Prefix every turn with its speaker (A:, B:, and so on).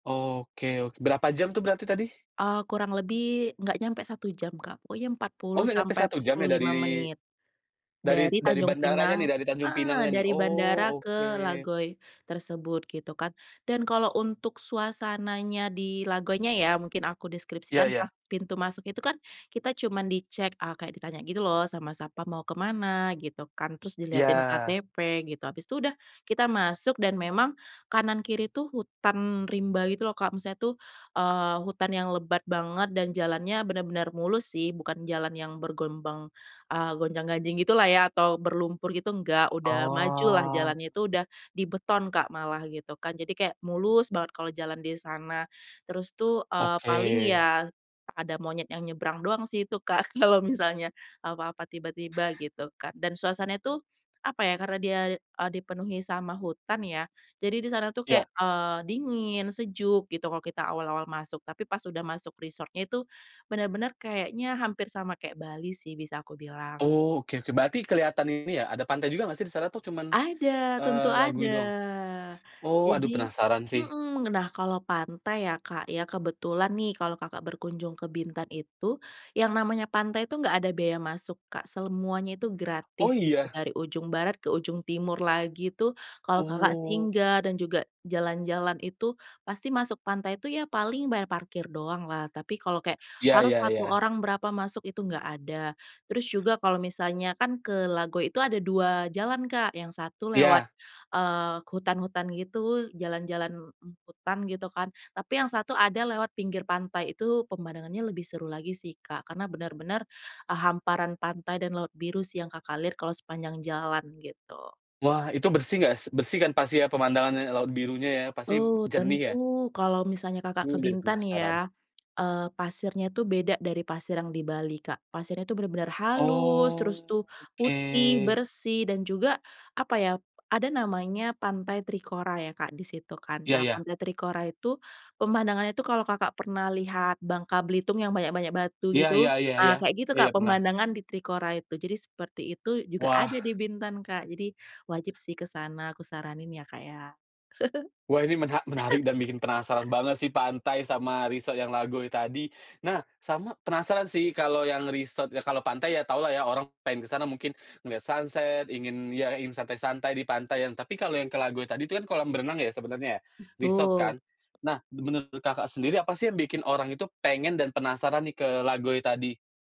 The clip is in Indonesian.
A: Oke, ok berapa jam tuh berarti tadi?
B: Eee, kurang lebih, enggak nyampe 1 jam Kak, pokoknya empat
A: Oh
B: puluh
A: enggak nyampe
B: sampai
A: 1
B: empat
A: jam
B: puluh
A: ya dari
B: lima menit,
A: dari
B: dari
A: dari
B: Tanjung
A: bandaranya nih,
B: Pinang
A: dari Tanjung
B: eee,
A: Pinangnya nih?
B: dari bandara
A: Oh, oke.
B: ke Lagoi tersebut gitu kan. Dan kalau untuk suasananya di Lagoinya ya, mungkin aku
A: Ya
B: deskripsikan pas
A: ya.
B: pintu masuk itu kan kita cuman dicek a kayak ditanya gitu loh sama satpam, "Mau ke mana?" gitu kan, terus diliatin
A: Iya.
B: KTP gitu, habis itu udah kita masuk dan memang, kanan kiri itu hutan rimba gitu loh, Kak, maksudnya tuh, eee, hutan yang lebat banget dan jalannya benar-benar mulus sih, bukan jalan yang bergelombang, eee, gonjang-ganjing gitu lah ya atau berlumpur gitu, enggak. Udah maju lah,
A: Oh.
B: jalannya itu udah dibeton, Kak, malah gitu kan, jadi kayak mulus banget kalau jalan di sana. Terus tuh, eee,
A: Oke.
B: paling ya ada monyet yang nyebrang doang sih itu Kak, kalau misalnya apa-apa, tiba-tiba gitu kan, dan suasananya itu apa ya, karena dia, eee, dipenuhi sama hutan ya, jadi di sana tuh kayak,
A: Ya.
B: eee, dingin, sejuk, gitu, kalau kita awal-awal masuk. Tapi pas udah masuk resort-nya itu benar-benar kayaknya hampir sama kayak Bali sih bisa aku bilang.
A: Oh, oke oke. Berarti kelihatan ini ya ada pantai juga enggak sih di sana atau cuman,
B: Ada, tentu
A: eee,
B: ada.
A: Lagoi doang? Oh, aduh
B: Jadi
A: penasaran sih.
B: mhm, nah kalau pantai ya, Kak, ya, kebetulan nih kalau Kakak berkunjung ke Bintan itu, yang namanya pantai itu, enggak ada biaya masuk, Kak. Semuanya itu
A: Oh
B: gratis gitu
A: iya?
B: dari ujung barat ke ujung timur lagi tuh, kalau Kakak
A: Oh.
B: singgah dan juga jalan-jalan itu, pasti masuk pantai itu ya paling bayar parkir doang lah. Tapi kalau kayak
A: Ya
B: harus
A: ya
B: 1
A: ya.
B: orang berapa masuk itu enggak ada, terus juga kalau misalnya kan ke Lagoi itu ada 2 jalan Kak, yang 1 lewat,
A: Iya.
B: eee ,hutan-hutan gitu jalan-jalan, mmm, hutan gitu kan, tapi yang 1 ada lewat pinggir pantai. Itu pemandangannya lebih seru lagi sih, Kak, karena benar-benar, eee, hamparan pantai dan laut biru sih yang Kakak lihat kalau sepanjang jalan, gitu.
A: Wah, itu bersih enggak s bersih kan pastinya pemandangannya ya, laut birunya ya? Pasti b
B: Oh,
A: jernih ya?
B: tentu. Kalau misalnya Kakak ke
A: Mmm, jadi
B: Bintan
A: penasaran.
B: ya, eee, pasirnya tu beda dari pasir yang di Bali, Kak. Pasirnya itu benar-benar halus, terus tuh putih,
A: Oke.
B: bersih, dan juga apa ya, ada namanya pantai Trikora ya, Kak, di situ kan.
A: Iya
B: Nah,
A: iya.
B: pantai Trikora itu pemandangannya itu kalau Kakak pernah lihat Bangka Belitung yang banyak-banyak batu
A: Iya
B: gitu.
A: iya iya iya.
B: Nah, kayak gitu
A: Iya, ya
B: Kak,
A: pernah.
B: pemandangan di Trikora itu. Jadi seperti itu juga
A: Wah.
B: ada di Bintan, Kak. Jadi wajib sih ke sana aku saranin ya, Kak, ya.
A: Wah, ini mena menarik dan bikin penasaran banget sih pantai sama resort yang Lagoi tadi. Nah, sama penasaran sih kalau yang resort ya, kalau pantai ya taulah ya, orang pengen kesana mungkin ngeliat sunset, ingin ya ingin santai-santai di pantai ya. Tapi kalau yang ke Lagoi tadi tu kan kolam renang ya, sebenarnya ya, resort
B: Betul.
A: kan? Nah, menurut, Kakak sendiri apa sih yang bikin orang itu pengen dan penasaran nih ke Lagoi tadi?